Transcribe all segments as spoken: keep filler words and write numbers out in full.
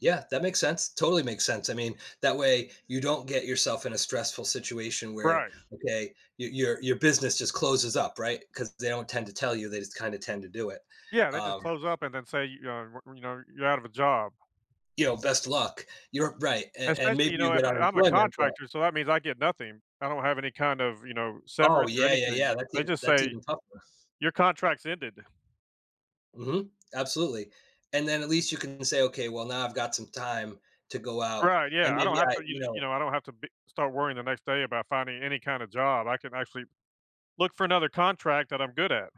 Yeah, that makes sense, totally makes sense I mean, that way, you don't get yourself in a stressful situation where Right. okay, your your your business just closes up right? 'Cause they don't tend to tell you they just kinda tend to do it, Yeah, they just um close-up and then say, you know, y you know, "You're out of a job." You know, "Best luck." You're right, and and Especially, maybe you know, you if get I'm a unemployment, but contractor, so that means I get nothing I don't have any kind of, you know, Oh, severance or yeah, yeah, anything. yeah, that's They even just that's say, even tougher. your contract's ended. Mhm. Absolutely. And then at least you can say, "Okay, well, now I've got some time to go out, Right, and yeah I don't maybe have I, to you you you know" know, I don't have to be start worrying the next day about finding any kinda job I can actually look for another contract that I'm good at.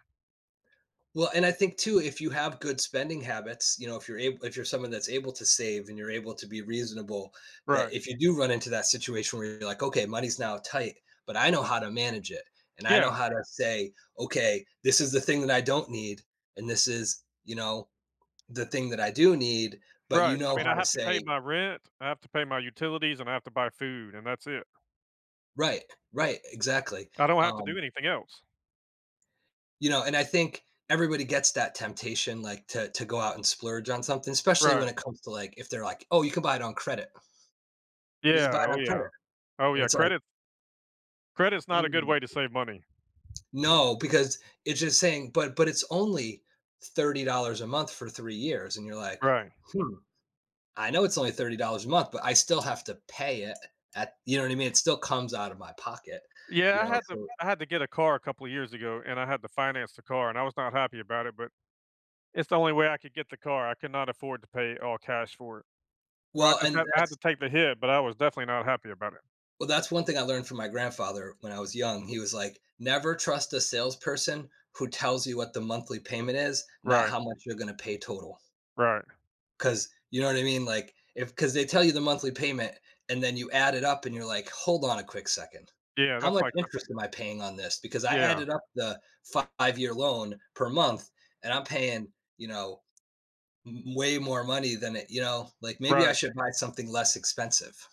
Well, and I think too, if you have good spending habits, you know, if you're able if you're someone that's able to save and you're able to be reasonable that Right. if you do run into that situation where you're, like, "Okay, money's now tight, but I know how to manage it, and I Yeah. know how to say, 'Okay, this is the thing that I don't need,' and this is, you know, 'The thing that I do need,'" but Right, you I know mean, I how to have to pay say my rent, I have to pay my utilities, and I have to buy food, and that's it. Right, right, exactly, I don't have to do um anything else. You know, and I think everybody gets that temptation, like, to to go out and splurge on something, especially when Right. it comes to, like if they're, like, "Oh, you can buy it on credit." You just buy Yeah, it oh, on credit, yeah. Oh, and yeah it's, like credit Credit is not a good Mhm. way to save money. No, because it's just saying "But but it's only thirty dollars a month for three years," and you're like, Right. "Hmm, I know it's only thirty dollars a month, but I still have to pay it a at" you know, what I mean? It still comes out of my pocket, you Yeah, I know? had to So I had to get a car a couple of years ago, and I had to finance the car, and I was not happy about it, but it's the only way I could get the car, I could not afford to pay all cash for it. So, I Well, just and have I had to that's take the hit, but I was definitely not happy about it. Well, that's one thing I learned from my grandfather when I was young, he was, like, "Never trust a salesperson who tells you what the monthly payment is, not Right. how much you're going to pay total." Right. 'Cause, you know, what I mean? Like, if 'cause they tell you the monthly payment, and then you add it up, and you're like, "Hold on a quick second. Yeah, How that's much like interest am I paying on this? Because I Yeah. added up the five year loan per month, and I'm paying, you know, m way more money than it you know? Like, "Maybe I Right. should buy something less expensive."